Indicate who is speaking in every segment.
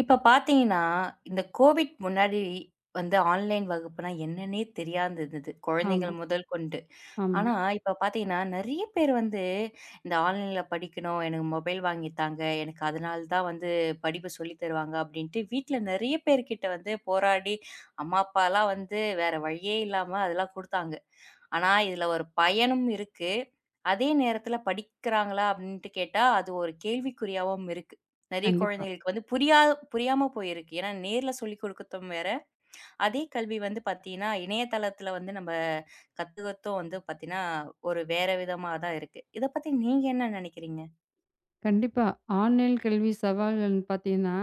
Speaker 1: இப்போ பார்த்தீங்கன்னா, இந்தக் கோவிட் முன்னாடி வந்து ஆன்லைன் வகுப்புனா என்னன்னே தெரியாது இருந்தது.
Speaker 2: ஆமா
Speaker 1: குழந்தைகள் முதல் கொண்டு.
Speaker 2: ஆமா.
Speaker 1: ஆனா இப்போ பார்த்தீங்கன்னா நிறைய பேர் வந்து இந்த ஆன்லைன்ல படிக்கணும். எனக்கு மொபைல் வாங்கி தாங்க. எனக்கு அதனாலதான் வந்து படிப்பு சொல்லித் தருவாங்க அப்படின்ட்டு வீட்டுல நிறைய பேர்கிட்ட வந்து போராடி அம்மா, அப்பாலாம் வந்து வேற வழியே இல்லாம அதெல்லாம் கொடுத்தாங்க. ஆனா இதுல ஒரு பயனும் இருக்கு. அதே நேரத்துல படிக்கறாங்களா? அப்படின்னு கேட்டா அது ஒரு கேள்விக்குறியாகவும் இருக்கு. நிறைய
Speaker 2: கண்டிப்பா.
Speaker 1: குழந்தைகளுக்கு வந்து புரியா புரியாம போயிருக்கு. ஏன்னா நேர்ல சொல்லிக்கொடுக்கவும் வேற அதே கல்வி வந்து பாத்தீங்கன்னா இணையதளத்துல வந்து நம்ம கத்துகத்தும் வந்து பாத்தீங்கன்னா ஒரு வேற விதமா தான் இருக்கு. இத பத்தி நீங்க என்ன நினைக்கிறீங்க?
Speaker 2: கண்டிப்பா ஆன்லைன்ல கல்வி சவால்கள்ன்னு பார்த்தீங்கன்னா,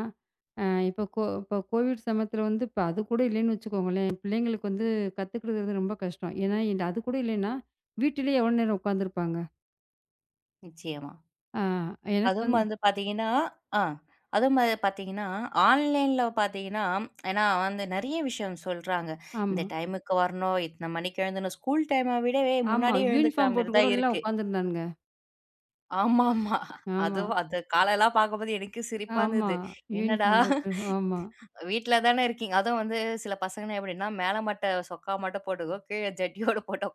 Speaker 2: அஹ் இப்ப கொ இப்ப கோவிட் சமயத்துல வந்து அது கூட இல்லைன்னு வச்சுக்கோங்களேன் பிள்ளைங்களுக்கு வந்து கத்துக்கிறது ரொம்ப கஷ்டம். ஏன்னா அது கூட இல்லைன்னா வீட்டிலேயே எவ்வளவு நேரம் உட்கார்ந்து இருப்பாங்க?
Speaker 1: நிச்சயமா.
Speaker 2: ஆ எனக்கு
Speaker 1: அதுவும்
Speaker 2: வந்து
Speaker 1: வந்து பாத்தீங்கன்னா அ அது பாத்தீங்கன்னா ஆன்லைன்ல பாத்தீங்கன்னா. ஏன்னா நிறைய விஷயம் சொல்றாங்க. இந்த
Speaker 2: ஆமா.
Speaker 1: டைம்க்கு வரணும். இத்தனை மணிக்கு எழுந்து ஸ்கூல் டைம் விடவே
Speaker 2: ஆமா
Speaker 1: முன்னாடியே எழுந்துக்குற
Speaker 2: யூனிஃபார்ம் போட்டுக் கூட
Speaker 1: மாரிதான்
Speaker 2: எல்லாம்
Speaker 1: இருக்கு.
Speaker 2: உட்கார்ந்து இருந்தானுங்க.
Speaker 1: ஆமாமா.
Speaker 2: ஆமா.
Speaker 1: அதுவும் அந்த கால எல்லாம் பாக்கும்போது எனக்கும் சிரிப்பா
Speaker 2: ஆமா
Speaker 1: இருந்தது. என்னடா
Speaker 2: யூனிபார்ம் போட்டு, ஆமா.
Speaker 1: வீட்டுல தான இருக்கீங்க. அதுவும் வந்து சில பசங்க மேல மட்டும். சொக்கா மட்டும் போட்டுட்டு ஜட்டி ஓட போட்டோ.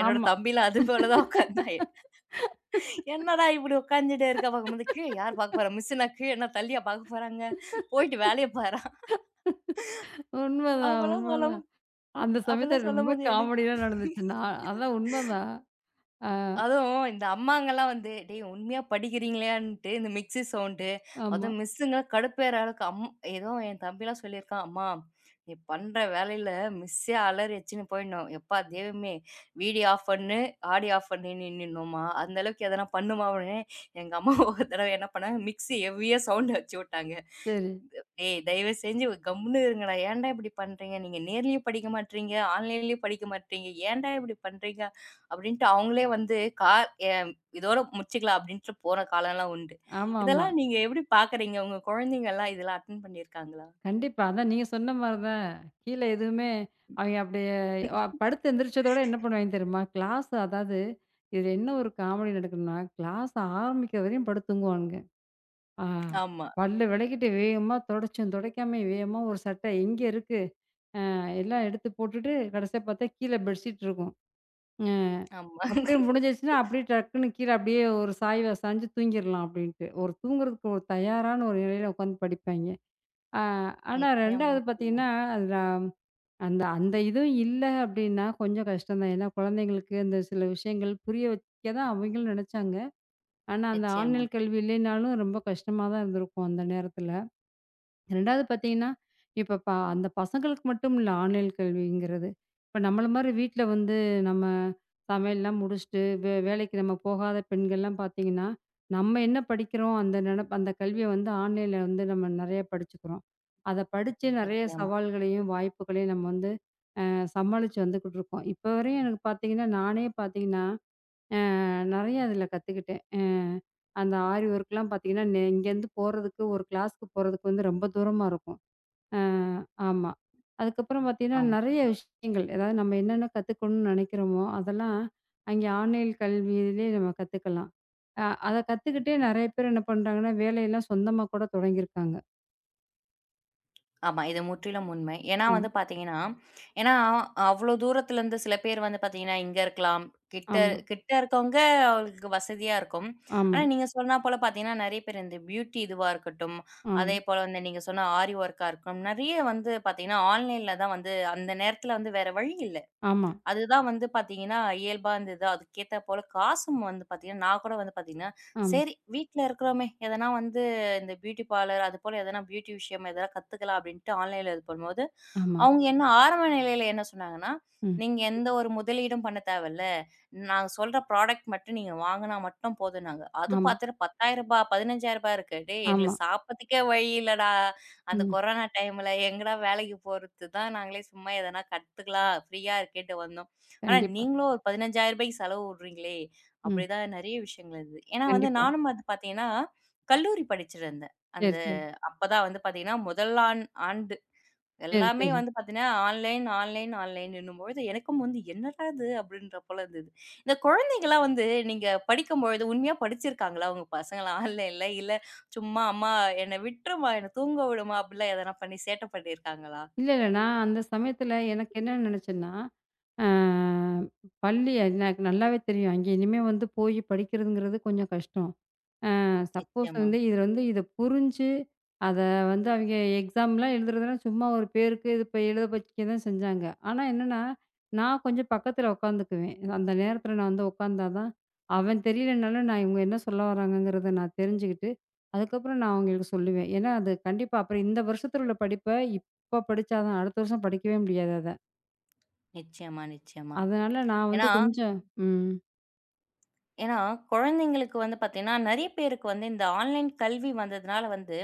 Speaker 1: என்னோட
Speaker 2: ஆமா.
Speaker 1: தம்பி எல்லாம் அதுபோல தான் உக்காந்தான். என்னடா இப்படி உக்காந்துட்டு இருக்க பாக்கும்போது. கீழ யார் பாக்கப் போற மிஸ் இன்னா தள்ளியா பாக்கப் போறாங்க. போயிட்டு வேலைய பாரா.
Speaker 2: உண்மைதான்
Speaker 1: அப்பல்லாம் சொல்
Speaker 2: உண்மைதான். அந்தச்
Speaker 1: அப்பல்லாம்
Speaker 2: சமயத்துல ரொம்ப
Speaker 1: சொல்லும்போது எனக்கு.
Speaker 2: காமடி எல்லாம் நடந்துச்சுன்னா, அதான் உண்மைதான். அஹ்.
Speaker 1: அதுவும் இந்த அம்மாங்கெல்லாம் வந்து, டேய் உண்மையா படிக்கிறீங்களா? இண்ட்டு மிக்சி சௌண்டு
Speaker 2: ஆமா.
Speaker 1: அதுவும் மிஸ்ங்களாம் கடுப்பேற அளவுக்கு அம் ஏதோ என் தம்பி சொல்லி இருக்கான். அம்மா நீ பண்ற வேலையில மிஸ்ஸெ அலறி வச்சு போயிடனும். எப்பா தேவுமே வீடியோ ஆப் பன்னு ஆடியோ ஆப் பண்ணி நின்னுன்னுமா அந்தளவுக்கு அதெல்லாம் பண்ணுமா? எங்க அம்மா ஒருதடவை என்ன பண்ணா மிக்சிய ஹெவியா சௌண்டு வச்சு விட்டாங்க.
Speaker 2: சரி.
Speaker 1: தயவு செஞ்சு கம்முனு இருங்க. ஏன்டா இப்படி பண்றீங்க? நீங்க நேர்லயே படிக்க மாட்றீங்க. ஆன்லைன்யம் படிக்க மாட்றீங்க. ஏன்டா இப்படி பண்றீங்க அப்படின்னு கா அவங்களே வந்து இதோட முடிச்சுக்கலாம் அப்படின்னு போற காலம் எல்லாம் உண்டு.
Speaker 2: ஆமாமா.
Speaker 1: இதெல்லாம் நீங்க எப்படி பாக்குறீங்க? உங்க குழந்தைகள் எல்லாம் இதெல்லாம் அட்டண்ட் பண்ணி இருக்காங்களா?
Speaker 2: கண்டிப்பா அதான் நீங்கச் சொன்ன மாதிரிதான். கீழே எதுவுமே அவங்க அப்டியே படுத்து எழுந்திருச்சதோட என்ன பண்ணுவாங்க தெரியுமா? கிளாஸ் அதாவது இதுல என்ன ஒரு காமடி நடக்குதுன்னா கிளாஸ் ஆரம்பிக்கிறவரையும் படுத்துத் தூங்குவாங்க. ஆஹ்
Speaker 1: ஆமா.
Speaker 2: பல்ல வெளைக்கிட்டு வேகமா துடைச்சு துடைக்காம வேகமா ஒரு சட்டை எங்கே இருக்கு? அஹ் எல்லாம் எடுத்துப் போட்டுட்டு கடைசியா பார்த்தா கீழே பெட்ஷீட் இருக்கும். அஹ்
Speaker 1: ஆமா.
Speaker 2: அப்படியே முடிஞ்சிருச்சுனா அப்படியே டக்குன்னு கீழே அப்படியே ஒரு சாயவா சாஞ்சு தூங்கிரலாம் அப்படின்னு ஒரு தூங்குறதுக்கு ஒரு தயாரான ஒரு நிலையில உட்கார்ந்து படிப்பாங்க. அ ஆனா
Speaker 1: நிச்சயமா
Speaker 2: 2 வது
Speaker 1: நிச்சயமா.
Speaker 2: பாத்தீங்கன்னா அதுல அந்த அந்த இதும் இல்ல அப்படின்னா கொஞ்சம் கஷ்டம் தான். ஏன்னா குழந்தைகளுக்கு இந்தச் சில விஷயங்கள் புரிய வைக்கதான் அவங்களும் நினைச்சாங்க. ஆனா அந்த
Speaker 1: நிச்சயமா.
Speaker 2: ஆன்லைன் கல்வி இல்லைன்னாலும் ரொம்ப கஷ்டமாதான் இருந்திருக்கும் அந்த நேரத்துல. 2 வது பாத்தீங்கன்னா இப்ப பா அந்தப் பசங்களுக்கு மட்டுமில்ல ஆன்லைன் கல்விங்கிறது. இப்ப நம்மள மாதிரி வீட்ல வந்து நம்ம சமையல் எல்லாம் முடிச்சிட்டு வே வேலைக்கு போகாத பெண்கள் எல்லாம் பாத்தீங்கன்னா நம்ம என்ன படிக்கிறோம் அந்த நெனப் அந்தக் கல்விய வந்து ஆன்லைன்ல வந்து நம்ம நிறைய படிச்சுக்கிறோம். அதைப் படிச்சு நிறைய
Speaker 1: நிச்சயமா.
Speaker 2: சவால்களையும் வாய்ப்புகளையும் நம்ம வந்து அஹ் சமாளிச்சு வந்துக்கிட்டு இருக்கோம். இப்ப வரைக்கும் எனக்கு பாத்தீங்கன்னா நானே பாத்தீங்கன்னா, அஹ் நிறைய அதுல கத்துக்கிட்டேன். அஹ் அந்த ஆரிவொர் க்கு எல்லாம் பாத்தீங்கன்னா, இங்க இருந்து போறதுக்கு ஒரு கிளாஸ் போறதுக்கு வந்து ரொம்ப தூரமா இருக்கும். அஹ் ஆமா. அதுக்கப்புறம் பார்த்தீங்கன்னா
Speaker 1: ஆமா.
Speaker 2: நிறைய விஷயங்கள். அதாவது நம்ம என்னென்ன கத்துக்கணும்னு நினைக்கிறோமோ அதெல்லாம் அங்கே ஆன்லைன் கல்விலயே நம்ம கத்துக்கலாம். அ-அதைக் கத்துக்கிட்டே நிறைய பேர் என்ன பண்றாங்கன்னா வேலையெல்லாம் சொந்தமா கூடத் தொடங்கி இருக்காங்க.
Speaker 1: ஆமா. இது முற்றிலும் உண்மை. ஏன்னா
Speaker 2: ஆமா.
Speaker 1: வந்து பார்த்தீங்கன்னா, ஏன்னா அவ்ளோ தூரத்துல இருந்து சில பேர் வந்து பாத்தீங்கன்னா, இங்க இருக்கலாம். கிட்ட
Speaker 2: ஆமா.
Speaker 1: கிட்ட இருக்கவுங்க உங்களுக்கு வசதியா இருக்கும்.
Speaker 2: ஆமா.
Speaker 1: ஆனா நீங்க சொன்ன போல பாத்தீங்கன்னா, நிறைய பேர் இந்த பியூட்டி இதுவா இருக்கட்டும்.
Speaker 2: ஆமா.
Speaker 1: அதேபோல நீங்க சொன்ன ஆரி ஒர்க்கா இருக்கும் நிறைய வந்து பாத்தீங்கன்னா ஆன்லைன்ல தான் வந்து அந்த நேரத்துல வந்து வேற வழி இல்ல.
Speaker 2: ஆமா.
Speaker 1: அது தான் வந்து பாத்தீங்கன்னா இயல்பான இந்த இதா அதுக்கு ஏத்தாப்போல காசும் வந்து பாத்தீங்கன்னா நான்கூட வந்து பாத்தீங்கன்னா
Speaker 2: ஆமா.
Speaker 1: சரி வீட்டுல இருக்குறோமே! எதனா வந்து இந்த பியூட்டி பார்லர் அது போல எதனா பியூட்டி விஷயம் எதனா கத்துக்கலாம் அப்பிடின்டு ஆன்லைன்ல இருக்கும்போது
Speaker 2: ஆமா.
Speaker 1: அவுங்க என்ன ஆரம்ப நிலையில என்ன சொன்னாங்கன்னா,
Speaker 2: ம்.
Speaker 1: நீங்க எந்த ஒரு முதலீடும் பண்ண தேவைல்ல. நாங்க சொல்ற புராடெக்ட் மட்டும் நீங்க வாங்குனா மட்டும் போதும்னாங்க. அது
Speaker 2: ஆமா.
Speaker 1: பாத்துட்டு ரூ.10000 ரூ.15000 இருக்கு. டேய்!
Speaker 2: ஆமா.
Speaker 1: எங்களுக்குச் சாப்புட்றதுக்கே வழி இல்லடா! அந்தக்
Speaker 2: ம்.
Speaker 1: கொரோனா டைம்ல எங்கடா! வேலைக்குப் போறது தான். நாங்களே சும்மா எதனா கத்துக்கலாம். ப்ரீயா இருக்கேன்டு வந்தோம். ஆனா,
Speaker 2: கண்டிப்பா.
Speaker 1: நீங்களும் ஒரு ரூ.15000க்கு செலவு வுட்றீங்களே!
Speaker 2: ம்.
Speaker 1: அப்பிடி தான் நிறைய விஷயங்கள் இது. ஏன்னா
Speaker 2: கண்டிப்பா.
Speaker 1: நானும் ப பாத்தீங்கன்னா, கல்லூரி படிச்சுட்டு இருந்தேன். அந்த
Speaker 2: சரி, சரி.
Speaker 1: அப்பத் தான் வந்து பாத்தீங்கன்னா முதலாண்டு
Speaker 2: சரி,
Speaker 1: எல்லாமே
Speaker 2: சரி.
Speaker 1: வந்து பாத்தீங்கன்னா ஆன்லைன், ஆன்லைன், ஆன்லைன்னும்பொழுது எனக்கும் வந்து என்னடா! இது அப்பிடின்றபோல இருந்தது. இந்தக் குழந்தைகலாம் வந்து நீங்க படிக்கும்போது உண்மையா படிச்சு இருக்காங்களா! உங்க பசங்க எல்லாம் ஆன்லைன்ல இல்ல சும்மா அம்மா என்ன விட்டுறுமா! என்ன தூங்க விடும்மா! அப்பிடிலாம் எதனா பண்ணி சேட்ட பண்ணி இருக்காங்களா?
Speaker 2: இல்ல, இல்ல. நான் அந்தச் சமயத்துல எனக்கு என்ன நினைச்சன்னா, அ பள்ளி எ எனக்கு நல்லாவே தெரியும். அங்கே இனிமே வந்து போய்ப் படிக்கிறதுங்கிறது கொஞ்சம் கஷ்டம். அ சப்போஸ்
Speaker 1: நிச்சயமா.
Speaker 2: வந்து இதுல வந்து இதப் புரிஞ்சு அத வந்து அவங்க எக்ஸாம் எல்லாம் எழுதுறதுனா சும்மா ஒரு பேருக்கு இப்ப எழுத வைக்க தான் செஞ்சாங்க. ஆனா என்னன்னா நான் கொஞ்சம் பக்கத்துல உட்கார்ந்துக்குவேன். அந்த நேரத்துல நான் வந்து உட்கார்ந்தா தான் அவன் தெரியலேன்னாலும் நான் இவுங்க என்ன சொல்ல வர்றாங்கங்கிறத நான் தெரிஞ்சுக்கிட்டு அதுக்கப்புறம் நான் அவுங்களுக்கு சொல்லுவேன். ஏன்னா அது கண்டிப்பா அப்புறம் இந்த வருஷத்துல உள்ள படிப்ப இப்ப படிச்சா தான் அடுத்த வருஷம் படிக்கவே முடியாது அத.
Speaker 1: நிச்சயமா, நிச்சயமா.
Speaker 2: அதனால நான் வந்து
Speaker 1: ஏன்னா
Speaker 2: கொஞ்சம். ம்.
Speaker 1: ஏன்னா குழந்தைகளுக்கு வந்து பாத்தீங்கன்னா நெறைய பேருக்கு வந்து இந்த ஆன்லைன் கல்வி வந்ததுனால வந்து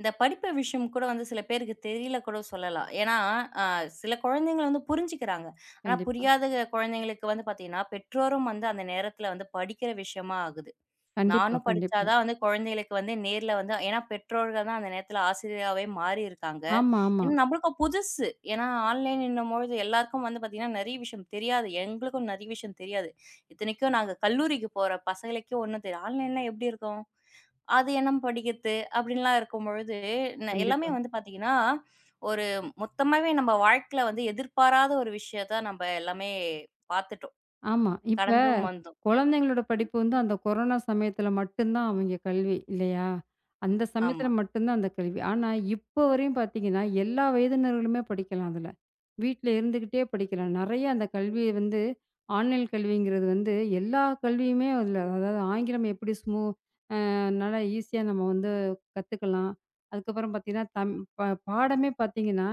Speaker 1: இந்தப் படிப்பு விஷயம் கூட வந்து சில பேருக்குத் தெரில கூடச் சொல்லலாம். ஏன்னா அ சில குழந்தைகள் வந்து புரிஞ்சுக்குறாங்க ஆனா
Speaker 2: கண்டிப்பா.
Speaker 1: புரியாத குழந்தைகளுக்கு வந்து பாத்தீங்கன்னா பெற்றோரும் வந்து அந்த நேரத்துல வந்து படிக்கிற விஷயமா ஆகுது.
Speaker 2: கண்டிப்பா,
Speaker 1: நானும்
Speaker 2: கண்டிப்பா.
Speaker 1: படிச்சாதா வந்து குழந்தைகளுக்கு வந்து நேர்ல வந்து. ஏன்னா பெற்றோர்கள்தான் அந்த நேரத்துல ஆசிரியராவே மாறி இருக்காங்க.
Speaker 2: ஆமா, ஆமா.
Speaker 1: என் நம்லுக்கு புதுசு ஏன்னா ஆன்லைன்னுன்னும் பொழுது எல்லாருக்கும் வந்து நெறைய விஷயம் தெரியாது. எங்களுக்கும் நெறைய விஷயம் தெரியாது. இத்தனைக்கும், நாங்க கல்லூரிக்கு போற பசங்களுக்கே ஒண்ணும் தெரியல. ஆன்லைன்லாம் எப்டி இருக்கும்? அது என்னம் படிக்கிற்து அப்டின்லா இருக்கும்பொழுது என்ன எல்லாமே
Speaker 2: கண்டிப்பா.
Speaker 1: வந்து பாத்தீங்கன்னா ஒரு மொத்தமாவே நம்ம வாழ்க்கைல வந்து எதிர்பாராத ஒரு விஷயத்தை நம்ப எல்லாமே பாத்துட்டோம்.
Speaker 2: ஆமா. இப்ப
Speaker 1: கடந்தும் வந்தோம்.
Speaker 2: குழந்தைங்களோட
Speaker 1: ம்.
Speaker 2: படிப்பு வந்து அந்தக் கொரோனா சமயத்துல மட்டும்தான் அவிங்க கல்வி இல்லையா? அந்த சமயத்துல
Speaker 1: ஆமா.
Speaker 2: மட்டும்தான் அந்தக் கல்வி. ஆனா, இப்ப வரையும் பாத்தீங்கன்னா எல்லா வயதினர்களுமே படிக்கலாம் அதுல. வீட்டுல இருந்துகிட்டே படிக்கலாம். நெறைய அந்தக் கல்விய வந்து ஆன்லைன் கல்விங்குறது வந்து எல்லா கல்வியுமே அதுல அதாவது ஆங்கிலம் எப்படி ஸ்மோ அ நல்லா ஈசியா நம்ம வந்து கத்துக்கலாம். அதுக்கப்புறம் பாத்தீங்கன்னா தம் ப பாடமே பாத்தீங்கன்னா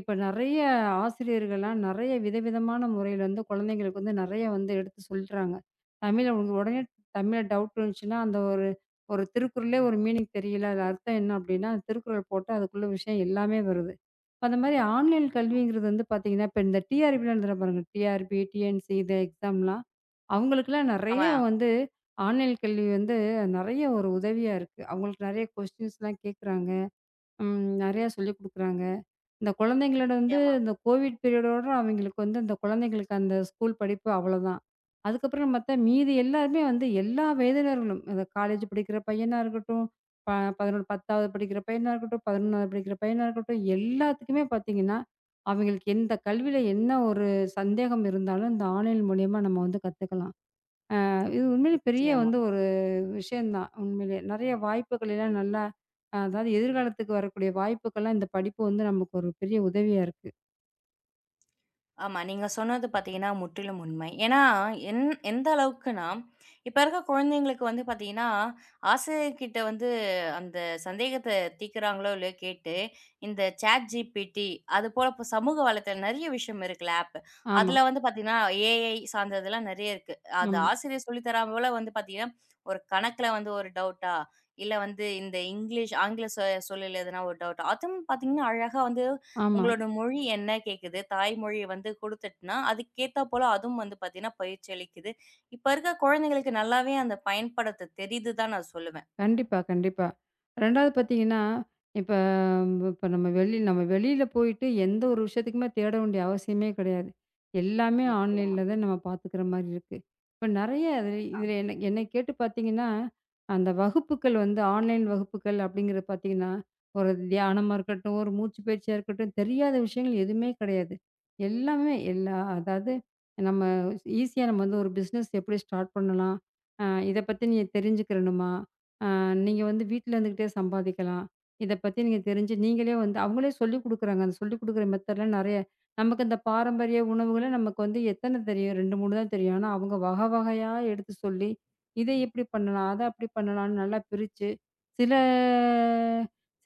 Speaker 2: இப்ப நெறைய ஆசிரியர்கள்லாம் நெறைய விதவிதமான முறையில வந்து குழந்தைகளுக்கு வந்து நெறைய வந்து எடுத்துச் சொல்றாங்க. தமிழ் அவுங்க உடனே தமிழ்ல டவுட் வந்ச்சுனா அந்த ஒரு 1 திருக்குறளே 1 மீனிங் தெரியல. அது அர்த்தம் என்ன அப்டின்னா திருக்குறள் போட்டா அதுக்குள்ள விஷயம் எல்லாமே வருது. இப்ப அந்த மாதிரி ஆன்லைன்
Speaker 1: நிச்சியம்மா
Speaker 2: கல்விங்கறது வந்து பாத்தீங்கன்னா இப்ப இந்த டிஆர்பிலா எழுதுரோம் பாருங்க, டிஆர்பி, டிஎன்சி இது எக்ஸாம்லா அவங்களுக்கு எல்லாம் நெறைய
Speaker 1: ஆமா.
Speaker 2: வந்து ஆன்லைன் கல்வி வந்து நெறைய ஒரு உதவியா இருக்கு. அவுங்களுக்கு நெறைய கொஸ்டின்ஸ்லா கேக்குறாங்க. ம், நெறைய சொல்லிக் குடுக்குறாங்க. இந்தக் குழந்தைகளோட வந்து
Speaker 1: நிச்சியமா.
Speaker 2: இந்தக் கோவிட் பீரியடோட அவிங்களுக்கு வந்து அந்தக் குழந்தைகளுக்கு அந்த ஸ்கூல் படிப்பு அவ்ளோதான். அதுக்கப்புறம் பாத்தா மீதி எல்லாருமே வந்து எல்லா வயதினர்களும் இந்த காலேஜ் படிக்கிற பையனா இருக்கட்டும் ப 11, 10வது படிக்கிற பையனா இருக்கட்டும். 11வது படிக்கிற பையனா இருக்கட்டும். எல்லாத்துக்குமே பாத்தீங்கன்னா அவிங்களுக்கு எந்தக் கல்வியில என்ன ஒரு சந்தேகம் இருந்தாலும் அந்த ஆன்லின் மூலியமா நம்ம வந்து கத்துக்கலாம். அ இது உண்மையிலே பெரிய
Speaker 1: நிச்சியமா.
Speaker 2: வந்து ஒரு விஷயம் தான் உண்மைலே நெறைய வாய்ப்புகளைலாம் நல்லா அ அதாவது எதிர்காலத்துக்கு வரக்கூடிய வாய்ப்புகள்லா இந்தப் படிப்பு வந்து நமக்கு ஒரு பெரிய உதவியா இருக்கு.
Speaker 1: ஆமா நீங்கச் சொன்னது பாத்தீங்கன்னா முற்றிலும் உண்மை. ஏன்னா ஏந் எந்த அளவுக்குனா இப்ப இருக்க குழந்தைகளுக்கு வந்து பாத்தீங்கன்னா ஆசிரியர் கிட்ட வந்து அந்தச் சந்தேகத்த தீக்குறாங்களோ கேட்டு இந்த chat GPT அதுபோல சமூக வலைத்த ம் நிறைய விஷயம் இருக்குல அப்.
Speaker 2: ஆமா.
Speaker 1: அதுல வந்து பாத்தீங்கன்னா ஏ.ஐ. சார்ந்ததுலாம் நிறைய இருக்கு. அந்த
Speaker 2: ம்.
Speaker 1: ஆசிரியர் சொல்லித்தராமலா வந்து பாத்தீங்கன்னா ஒரு கணக்குல வந்து ஒரு டவுட்டா இல்ல வந்து இந்த இங்கிலீஷ் ஆங்கில சொல் சொல்லில் ஒரு டவுட்டா அதுவும் பாத்தீங்கன்னா அழகா வந்து
Speaker 2: ஆமா.
Speaker 1: உங்களோட மொழி என்ன கேக்குது? தாய்மொழி வந்து குடுத்திட்டுனா அதுக்கேத்தா போல அதுவும் வந்து பாத்தீங்கன்னா பயிற்சியளிக்குது. இப்ப இருக்குற குழந்தைகளுக்கு நல்லாவே அந்தப் பயன்படுத்தத் தெரிது தான் நான் சொல்லுவேன்.
Speaker 2: கண்டிப்பா கண்டிப்பா. ரெண்டாவது பாத்தீங்கன்னா, இப்ப ப நம்ம வெளியில நம்ம வெளியில போயிட்டு எந்த ஒரு விஷயத்துக்குத் தேட வேண்டிய அவசியமே கிடையாது. எல்லாமே
Speaker 1: நிச்சயமா.
Speaker 2: ஆன்லைன்ல தான் நாம பாத்துக்குற மாரிருக்கு. இப்ப நிறைய
Speaker 1: ஆ.
Speaker 2: இதுல என்ன என்னைய கேட்டுப் பாத்தீங்கன்னா அந்த வகுப்புகள் வந்து ஆன்லைன் வகுப்புகள் அப்டிங்கறத பாத்தீங்கன்னா ஒரு தியானமா இருக்கட்டும், ஒரு மூச்சுப்பயிற்சியா இருக்கட்டும் தெரியாத விஷயங்கள் எதுவுமே கிடையாது. எல்லாமே எல்லாம் அதாவது நம்ம ஈசியா நம்ம ஒரு பிஸ்னஸ் எப்படி ஸ்டார்ட் பண்ணலாம். ஆ இதப் பத்தி நீங்கத் தெரிஞ்சுக்கணுமா? ஆ நீங்க வந்து வீட்டுல இருந்துகிட்டே சம்பாதிக்கலாம். இதைப் பத்தி நீங்கத் தெரிஞ்சு நீங்களே வந்து அவங்களே சொல்லிக் குடுக்குறாங்க. சொல்லிக் குடுக்குற மெதட்லாம் நிறைய. நமக்கு அந்தப் பாரம்பரிய உணவுகள நமக்கு வந்து எத்தன தெரியும். 2, 3 தான் தெரியும். ஆனா அவங்க வகை வகையா எடுத்துச் சொல்லி இத எப்படி பண்ணலாம், அத அப்படி பண்ணலாம்னு நல்லா பிரிச்சு, சில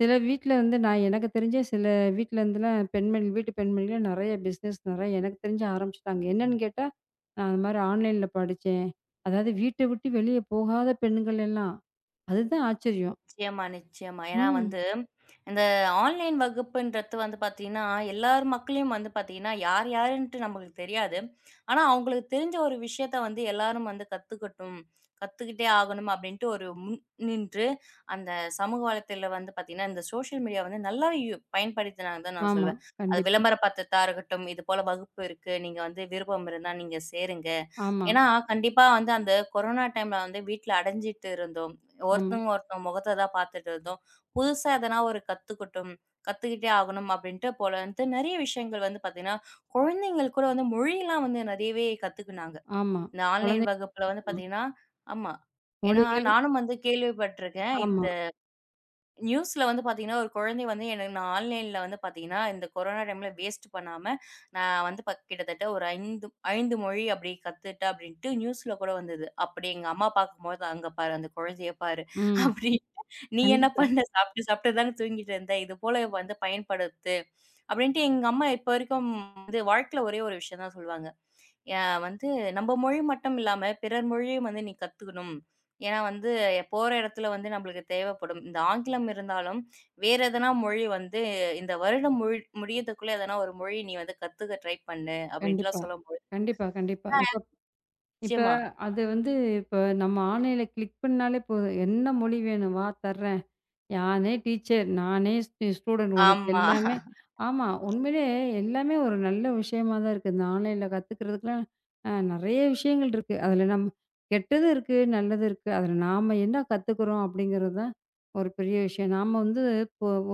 Speaker 2: சில வீட்டுல இருந்து நான் எனக்குத் தெரிஞ்ச சில வீட்டுல இருந்து தான் பெண்கள் வீட்டுப் பெண்மகள் நிறைய பிஸ்னெஸ் நிறைய எனக்குத் தெரிஞ்சு ஆரம்பிச்சிட்டாங்க. என்னன்னு கேட்டா நான் அந்த மாரி ஆன்லைன்ல படிச்சேன். அதாவது வீட்ட விட்டு வெளிய போகாத பெண்கள் எல்லாம். அதுதான் ஆச்சரியம்.
Speaker 1: நிச்சயமா. நிச்சயமா. ஏன்னா
Speaker 2: ம்.
Speaker 1: வந்து இந்த ஆன்லைன் வகுப்புன்றது வந்து பாத்தீங்கன்னா எல்லாரும் மக்களையும் வந்து பாத்தீங்கன்னா யார் யாருன்ட்டு நம்மளுக்குத் தெரியாது. ஆனா அவங்களுக்கு தெரிஞ்ச ஒரு விஷயத்த வந்து எல்லாரும் வந்து கத்துக்கட்டும். கத்துக்கிட்டே ஆகணும் அப்டின்டு ஒரு முன் நின்று அந்தச் சமூக வலைத்தளத்தில வந்து பாத்தீங்கன்னா இந்த சோசியல் மீடியா வந்து நல்லா யு பயன்படுத்தினா தான் நான்
Speaker 2: ஆமா.
Speaker 1: சொல்லுவேன். அது
Speaker 2: கண்டிப்பா.
Speaker 1: விளம்பரபடுத்தரதா இருக்கட்டும். இது போல வகுப்பு இருக்கு நீங்க வந்து விருப்பம் இருந்தா நீங்க சேருங்க.
Speaker 2: ஆமா.
Speaker 1: ஏன்னா கண்டிப்பா வந்து அந்தக் கொரோனா டைம்ல வந்து வீட்டுல அடைஞ்சுட்டு இருந்தோம்.
Speaker 2: ஆமா.
Speaker 1: ஒருத்தங்க ஒருத்தர் முகத்த தான் பாத்துட்டு இருந்தோம். புதுசா எதனா ஒரு கத்துக்கட்டும். கத்துக்கிட்டே ஆகணும் அப்டின்ட்டு போல நிறைய விஷயங்கள் வந்து பாத்தீங்கன்னா குழந்தைகள் கூட வந்து மொழிலாம் வந்து நிறையவே கத்துக்கிநாங்க.
Speaker 2: ஆமா
Speaker 1: இந்த
Speaker 2: குழந்தை
Speaker 1: ஆன்லைன் வகுப்புல வந்து
Speaker 2: ஆமா.
Speaker 1: பாத்தீங்கன்னா. ஆமா. ஏன்னா
Speaker 2: மொழிகள்.
Speaker 1: நானும் வந்து கேள்விப்பட்டிருக்கேன். இந்த
Speaker 2: ஆமா.
Speaker 1: நியூஸ்ல வந்து பாத்தீங்கன்னா ஒரு குழந்தை வந்து என்னை ஆன்லைன்ல வந்து பாத்தீங்கன்னா இந்தக் கொரோனா டைம் வேஸ்ட் பண்ணாம, ஆ வந்து கிட்டத்தட்ட ஒரு 5, 5 மொழி அப்படி கத்துட்டா அப்டின்ட்டு நியூஸ்ல கூட வந்தது. அப்படி எங்க அம்மா பாக்கும்போது "அங்க பாரு அந்தக் குழந்தையைப் பாரு
Speaker 2: ம்.
Speaker 1: அப்டின்னு. நீ என்ன
Speaker 2: கண்டிப்பா.
Speaker 1: பண்ண சாப்பிட்டு சாப்பிட்டு தான் தூங்கிட்டு இருந்த. இது போல வந்து பயன்படுத்து." அப்டின்ட்டு எங்க அம்மா இப்ப வரைக்கும் வாழ்க்கையில ஒரே ஒரு விஷயம் தான் சொல்லுவாங்க. அ வந்து நம்ம மொழி மட்டும் இல்லாம பிறர் மொழியும் வந்து நீ கத்துக்கணும். ஏன்னா வந்து போற இடத்துல வந்து நமளுக்குத் தேவப்படும் இந்த ஆங்கிலம் இருந்தாலும் வேற எதுனா மொழி வந்து இந்த வருடம் மு முடியறதுக்குள்ள எதனா ஒரு மொழி நீ வந்து கத்துக்க ட்ரை பண்ணு அப்டின்ட்டுல்லாம்
Speaker 2: கண்டிப்பா.
Speaker 1: சொல்லும்போது, ஆ
Speaker 2: கண்டிப்பா. கண்டிப்பா. இப்ப இப்ப
Speaker 1: நிச்சயமா.
Speaker 2: அது வந்து. இப்ப நம்ம ஆன்லைன்ல கிளிக் பண்ணாலே போதும். என்ன மொழி வேணும்வா? தரேன். நானே டீச்சர். நானே ஸ் ஸ்டூடண்ட். உனக்கு
Speaker 1: ஆமா.
Speaker 2: எல்லாமே. ஆமா.
Speaker 1: [unintelligible]
Speaker 2: உண்மையிலேயே எல்லாமே ஒரு நல்ல விஷயமா தான் இருக்கு. நான் ஆன்லைன்ல கத்துக்கிறதுக்குலாம் அ நிறைய விஷயங்கள் இருக்கு. அதுல நம்ம கெட்டது இருக்கு. நல்லது இருக்கு. அதுல நாம என்ன கத்துக்கிறோம் அப்படிங்கறது தான் ஒரு பெரிய விஷயம். நாம வந்து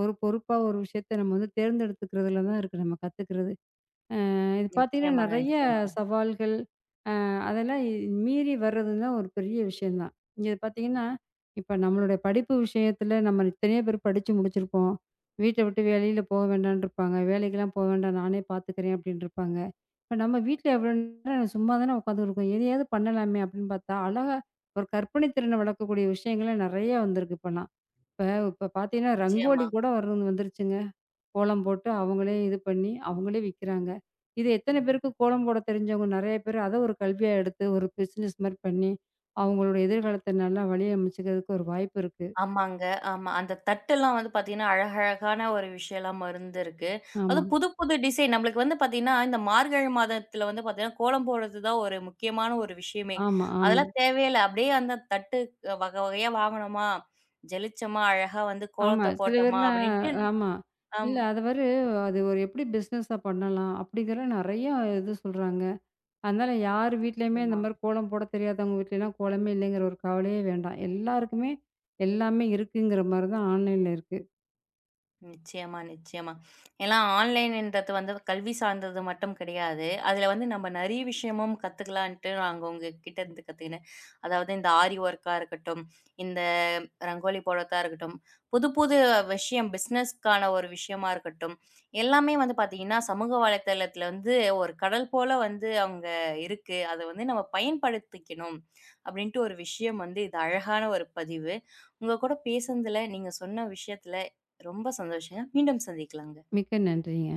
Speaker 2: ஒரு பொறுப்பா ஒரு விஷயத்த நம்ம தேர்ந்தெடுத்துக்குறதுல தான் இருக்கு நம்ம கத்துக்கிறது. அ இது பாத்தீங்கன்னா
Speaker 1: நிச்சயமாங்க
Speaker 2: நிறைய
Speaker 1: நிச்சயமாங்க.
Speaker 2: சவால்கள். அ அதெல்லாம் மீறி வர்றது தான் ஒரு பெரிய விஷயம் தான். இங்க பாத்தீங்கன்னா இப்ப நம்மளோட படிப்பு விஷயத்துல நம்ம இத்தணையோ பேர் படிச்சு முடிச்சிருக்கோம். வீட்ட விட்டு வெளில போக வேண்டாம்ன்னு இருப்பாங்க. வேலைக்கு எல்லாம் போக வேண்டாம். நானே பாத்துக்குறேன் அப்டின்னு இருப்பாங்க. இப்ப நம்ம வீட்டுல எவ்ளோ நேரம் சும்மா தான் உக்காந்திருக்கோம். எதையாவது பண்ணலாமே அப்படின்னு பாத்தா அழகா ஒரு கற்பனை திறனை வளர்க்கக்கூடிய விஷயங்கள் நிறைய வந்திருக்கு. இப்ப பாத்தீங்கன்னா ரங்கோலி
Speaker 1: நிச்சயமா.
Speaker 2: கூட வரு வந்துருச்சுங்க. கோலம் போட்டு அவங்களே இது பண்ணி அவங்களே விக்கிறாங்க. இது எத்தனை பேருக்குக் கோலம் போடத் தெரிஞ்சவங்க. நிறைய பேர் அத ஒரு கல்வியா எடுத்து ஒரு பிஸ்னெஸ் மாரி பண்ணி அவங்களோட எதிர்காலத்தை நல்லா வழி அமைச்சுக்குறதுக்கு ஒரு வாய்ப்பிருக்கு.
Speaker 1: ஆமாங்க. ஆமா அந்தத் தட்டுல்லாம் வந்து பாத்தீங்கன்னா அழகா அழகான ஒரு விஷயம்லாம் இருந்துருக்கு. அது
Speaker 2: ஆமா.
Speaker 1: புதுப்புது டிசைன். நமளுக்கு வந்து பாத்தீங்கன்னா இந்த மார்கழி மாதத்துல வந்து பாத்தீங்கன்னா கோலம் போடுறது தான் ஒரு முக்கியமான ஒரு விஷயமே.
Speaker 2: ஆமா ஆமா.
Speaker 1: அதெல்லாம் தேவையே இல்ல. அப்டியே அந்தத் தட்டு வக வகையா வாங்குனோமா? ஜலிச்சமா அழகா வந்து
Speaker 2: ஆமா
Speaker 1: கோலத்தப்
Speaker 2: சில
Speaker 1: போட்டமா
Speaker 2: பேர்லாம்
Speaker 1: அப்டின்ட்டு
Speaker 2: ஆமா. இல்ல
Speaker 1: ஆமா.
Speaker 2: அது வரு அது ஒரு எப்படி பிஸ்னெஸ்ஸா பண்ணலாம் அப்டிங்கற நிறைய இது சொல்றாங்க. அதனால யார்
Speaker 1: அ.
Speaker 2: வீட்டுலயும் இந்த
Speaker 1: நிச்சயமா.
Speaker 2: மாரி கோலம் போடத் தெரியாதவங்க வீட்டுல எல்லாம் கோலமே இல்லைங்கற ஒரு கவலையே வேண்டாம். எல்லாருக்குமே எல்லாமே இருக்குங்கிற மாரி தான் ஆன்லைன்ல இருக்கு.
Speaker 1: நிச்சயமா நிச்சயமா எல்லாம் ஆன்லைனுன்றது வந்து கல்வி சார்ந்தது மட்டும் கிடையாது. அதுல வந்து நம்ம நிறைய விஷயமும் கத்துக்கலாம்னுட்டு அவங்க கிட்ட இருந்து கத்துக்கிட்டேன். அதாவது இந்த ஆரி வொர்கா இருக்கட்டும். இந்த ரங்கோலி போட்றதா இருக்கட்டும். புதுப்புது விஷயம் பிஸ்னெஸ்க்கான ஒரு விஷயமா இருக்கட்டும். எல்லாமே வந்து பாத்தீங்கன்னா சமூக வலைத்தளத்தில வந்து ஒரு கடல் போல வந்து அங்க இருக்கு. அத வந்து நாம பயன்படுத்திக்கணும் அப்டின்ட்டு ஒரு விஷயம் வந்து இது அழகான ஒரு பதிவு. உங்க கூடப் பேசனதுல நீங்கச் சொன்ன விஷயத்துல ரொம்ப சந்தோஷம். மீண்டும் சந்திக்கலாங்க.
Speaker 2: மிக்க நன்றிங்க.